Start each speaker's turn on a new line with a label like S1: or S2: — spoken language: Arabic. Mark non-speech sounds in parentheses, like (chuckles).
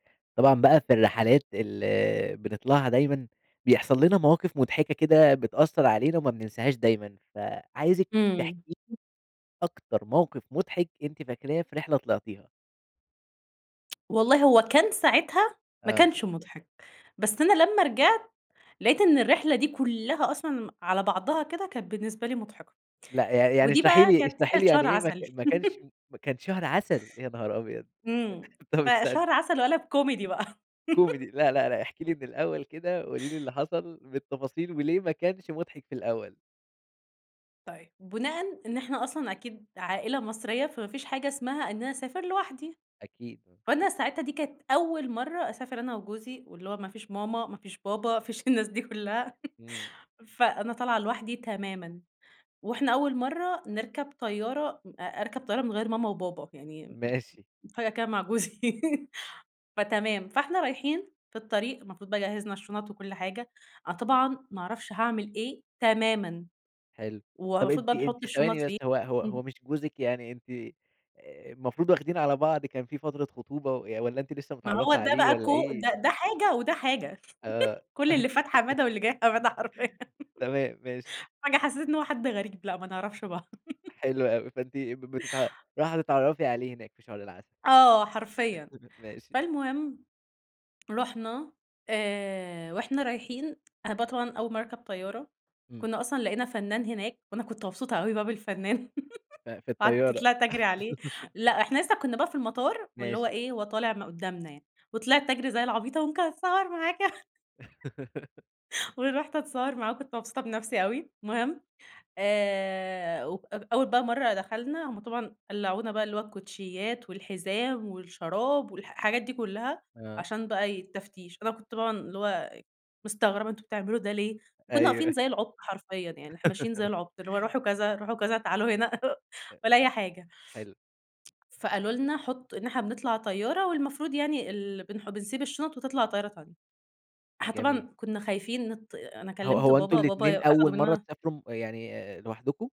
S1: طبعًا بقى في الرحلات ال بنطلعها دايمًا، بيحصل لنا مواقِف مضحكة كده بتأثّر علينا وما بننساهاش دايمًا. فعايزِك
S2: إمم.
S1: تحكي لي أكتر موقِف مُضحك أنتِ فاكراه في رحلة طلعتيها؟
S2: والله هو كان ساعتها ما
S1: آه.
S2: كانش مُضحك. بس أنا لمّا رجعت، لقيت إن الرحلة دي كُلّها أصلًا م على بعضها كده كان بالنسبة لي مُضحكة.
S1: لأ. يع يعني
S2: ودي
S1: اشرحي
S2: بقى
S1: لي
S2: كانت
S1: اشرحي لي
S2: رحلة
S1: يعني
S2: شهر
S1: إيه ما ك
S2: عسل.
S1: ما كانش
S2: (laughs)
S1: كان شهر عسل، يا نهار أبيض!
S2: إمم.
S1: آآ طب استني
S2: فشهر عسل وقَلَب كوميدي بقى.
S1: كوميدي.
S2: (laughs)
S1: لأ، لأ، لأ احكي لي من الأول كده، قولي لي اللي حصل بالتفاصيل وليه ما كانش مُضحك في الأول؟
S2: طيب، بُناءً إن إحنا أصلًا أكيد عائلة مصرية، فما فيش حاجة اسمها إن أنا أسافر لوحدي.
S1: أكيد.
S2: فأنا ساعتها دي كانت أول مرّة أسافر أنا وجوزي واللي هو ما فيش ماما، ما فيش بابا، ما فيش الناس دي كُلّها،
S1: إمم.
S2: (chuckles) فأنا طالعة لوحدي تمامًا وإحنا أول مرّة نركب طيارة م أ أركب طيارة من غير ماما وبابا. يعني م
S1: ماشي.
S2: م فجأة كده مع جوزي (laughs) فتمام. فإحنا رايحين في الطريق المفروض بقي جهِّزنا الشُنَط وكل حاجة. أنا طبعًا ما أعرفش هاعمِل إيه تمامًا
S1: حلو. طب
S2: والمفروض
S1: أنتِ
S2: بقى نحُط
S1: أنتِ
S2: الشُنَط
S1: ثواني بس،
S2: فين
S1: هو هو
S2: إمم.
S1: هو مش جوزِك يعني أنت أ المفروض واخدين على بعض كان في فترة خطوبة ي والّا أنتِ لسّه
S2: ما هو
S1: متعرّفة
S2: ده
S1: عليه
S2: بقى ده
S1: والّا
S2: كو
S1: إيه؟
S2: ده ده حاجة وده حاجة.
S1: آه.
S2: (chuckles) كل اللي فات حمادة واللي
S1: (chuckles)
S2: جاي حمادة حرفيًا.
S1: تمام، ماشي.
S2: فجأه حسّيت إن هو حد غريب، لأ ما نعرفش بعض. (chuckles)
S1: حلو أوي. فأنتِ ب بتتعا راحة تتعرّفي عليه هناك في شهر العسل.
S2: آه حرفيًا.
S1: (chuckles) ماشي.
S2: فالمهم رُحنا آآ وإحنا رايحين، أنا بقى طبعًا أول مرّة أركب طيارة،
S1: إمم.
S2: كُنّا أصلًا لقينا فنّان هناك وأنا كنت مبسوطة أوي بقى بالفنّان
S1: ف
S2: (chuckles)
S1: في
S2: وقعدت
S1: الطيارة.
S2: طلعت أجري عليه،
S1: (laughs)
S2: لأ إحنا لسّه كُنّا بقى في المطار واللي هو
S1: ماشي.
S2: إيه، هو طالع م قدُّامنا يعني. وطلعت أجري زي العبيطة وممكن أتصوّر معاك ي (chuckles)
S1: (laughs)
S2: ورُحت أتصوّر معاه وكنت مبسوطة بنفسي أوي المهم، آآ و أو أول بقى مرّة دخلنا، هم طبعًا قلّعونا بقى اللي هو الكوتشيّات والحزام والشراب والح حاجات دي كُلّها
S1: آه.
S2: عشان بقى ي التفتيش. أنا كنت طبعًا اللي هو مستغربة أنتم بتعملوا ده ليه؟ وكُنّا واقفين
S1: أيوه.
S2: زي العُبْط حرفيًا. يعني إحنا ماشيين زي
S1: (laughs)
S2: العُبْط، اللي هو روحوا كذا، روحوا كذا، تعالوا هنا (chuckles)
S1: أ
S2: ولا أي حاجة.
S1: حلو.
S2: فقالوا لنا حُط إن إحنا بنطلع طيارة والمفروض يعني ال بنح بنسيب الشُنَط وتطلع الطيارة بتاعتك. إحنا
S1: جميل.
S2: طبعًا كُنّا خايفين نت أنا
S1: هو
S2: كلّمت
S1: هو أنتم
S2: بابا بابا ي
S1: الاتنين أول
S2: أخدوا
S1: مرّة
S2: منّنا
S1: تسافروا م يعني أ لوحدكم؟